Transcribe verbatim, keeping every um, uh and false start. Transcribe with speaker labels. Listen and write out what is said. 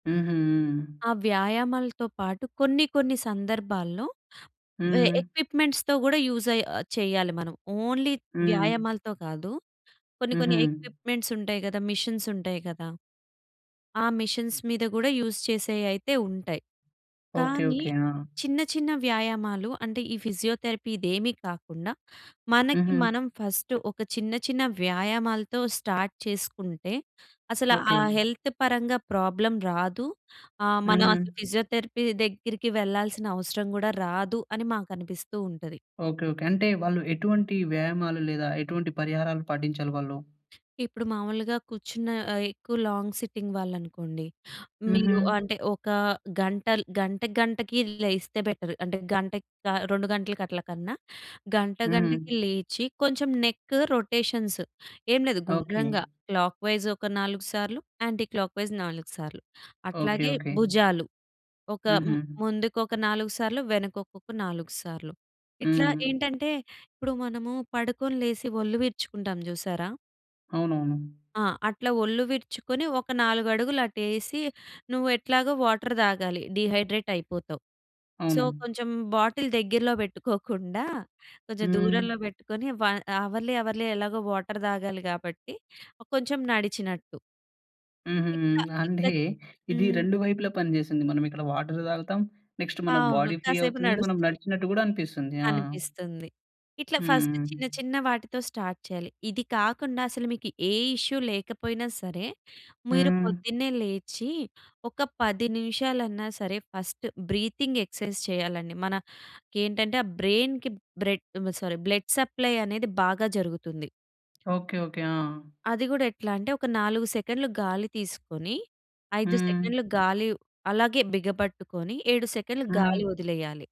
Speaker 1: హుహు.
Speaker 2: ఆ వ్యాయామాలతో పాటు కొన్ని, కొన్ని సందర్భాల్లో ఎ
Speaker 1: హ్మ్.
Speaker 2: ఎ‌క్విప్‌మెంట్స్‌తో కూడా యూస్ అయ్, ఆహ్, చెయ్యాలి మనం. ఓన్లీ
Speaker 1: హ్మ్.
Speaker 2: వ్యాయామాలతో కాదు. కొన్ని, కొన్ని
Speaker 1: హుహు.
Speaker 2: ఎ‌క్విప్‌మెంట్స్‌ ఉంటాయి గదా! మెషిన్స్ ఉంటాయి గదా! ఆ మెషిన్స్ మీద గూడా యూస్ చేసేయి అయితే ఉంటాయి.
Speaker 1: ఓకే.
Speaker 2: కానీ
Speaker 1: ఓకే. ఆ!
Speaker 2: చిన్న, చిన్న వ్యాయామాలు అంటే ఈ ఫిజియోథెరపీ ఇదేమీ కాకుండా, మనకి
Speaker 1: హుహు.
Speaker 2: మనం ఫస్ట్ ఒక చిన్న చిన్న వ్యాయామాలతో స్టార్ట్ చేసుకుంటే, అసల ఆ
Speaker 1: ఓకే.
Speaker 2: హెల్త్ పరంగా ప్రాబ్లమ్ రాదు. ఆహ్, మనం అసలు
Speaker 1: హుహు.
Speaker 2: ఫిజియోథెరపీ దగ్గరికి వెళ్ళాల్సిన అవసరం గూడా రాదు అని మాకనిపిస్తూ ఉంటది.
Speaker 1: ఓకే. ఓకే. అంటే వాళ్ళు ఎటువంటి వ్యాయామాలు లేదా, ఎటువంటి పరిహారాలు పాటించాలి వాళ్ళు?
Speaker 2: ఇప్పుడు మామూలుగా కూర్చున్న ఆహ్, ఎక్కువ లాంగ్ సిట్టింగ్ వాళ్ళు అనుకోండి. మీరు
Speaker 1: హుహు.
Speaker 2: అంటే ఒక గంటల్ గంట, గంటకి లేస్తే బెటర్. అంటే గంటకి ఆహ్, రెండు గంటలకి అట్ల కన్నా, గంట, గంటకి
Speaker 1: హ్మ్.
Speaker 2: లేచి కొంచెం నెక్ రొటేషన్స్ ఏం లేదు
Speaker 1: ఓకే.
Speaker 2: గుండ్రంగా క్లాక్‌వై‌జ్ ఒక నాలుగు సార్లు యాంటీ క్లాక్‌వై‌జ్ నాలుగు సార్లు.
Speaker 1: ఓకే.
Speaker 2: అట్లాగే
Speaker 1: ఓకే.
Speaker 2: భుజాలు ఒక మ్
Speaker 1: హుహు.
Speaker 2: ముందుకు ఒక నాలుగు సార్లు వెనకకొక నాలుగు సార్లు. ఇట్లా
Speaker 1: హ్మ్.
Speaker 2: ఏంటంటే ఇప్పుడు మనము పడుకొని లేసి ఒళ్ళు విరుచుకుంటాంజూసారా?
Speaker 1: అవునవును.
Speaker 2: ఆ! అట్లా ఒళ్ళు విరుచుకుని ఒక నాలుగు అడుగులు అటేసి, నువ్వు ఎట్లాగో వాటర్ దాగాలి. డీహైడ్రేట్ అయిపోతావు. సో,
Speaker 1: అవును.
Speaker 2: కొంచెం బాటిల్ దగ్గరలో పెట్టుకోకుండా, కొంచెం
Speaker 1: హ్మ్.
Speaker 2: దూరంలో పెట్టుకొని వ అవర్‌లీ, అవర్‌లీ ఎలాగో వాటర్ తాగాలి గాబట్టి, కొంచెం నడిచినట్టు.
Speaker 1: హుహుహు.
Speaker 2: ఇట్లా
Speaker 1: అంటే
Speaker 2: ఇట్ల
Speaker 1: ఇది
Speaker 2: హ్మ్.
Speaker 1: రెండు వైపులా పని జేస్తుంది. మనం ఇక్కడ వాటర్ దాగుతాం. నెక్స్ట్ మన
Speaker 2: అవును.
Speaker 1: బాడీ ఫ్రీ
Speaker 2: కాసేపు
Speaker 1: అవుతుంది. మనం
Speaker 2: నడుస్తు
Speaker 1: నడిచినట్టు గూడా అనిపిస్తుంది. ఆ!
Speaker 2: అనిపిస్తుంది. ఇట్లా ఫస్ట్
Speaker 1: హ్మ్.
Speaker 2: చిన్న చిన్న వాటితో స్టార్ట్ చేయాలి. ఇది కాకుండా అసలు మీకు ఏ ఇష్యూ లేకపోయినా సరే, మీరు
Speaker 1: హ్మ్.
Speaker 2: పొద్దున్నే లేచి ఒక పది నిమిషాలన్నా సరే! ఫస్ట్ బ్రీతింగ్ ఎక్సర్‌సైజ్ చేయాలండి. మన ఏంటంటే ఆ! బ్రైన్‌కి బ్రెడ్ సారీ బ్లడ్ సప్లై అనేది బాగా జరుగుతుంది.
Speaker 1: ఓకే. ఓకే. ఆ!
Speaker 2: అది గూడా ఎట్లా అంటే, ఒక నాలుగు సెకండ్లు గాలి తీసుకొని, ఐదు
Speaker 1: హ్మ్.
Speaker 2: సెకండ్లు గాలి అలాగే బిగబట్టుకొని ఏడు సెకన్లు
Speaker 1: హ్మ్.
Speaker 2: గాలి వదిలేయాలి.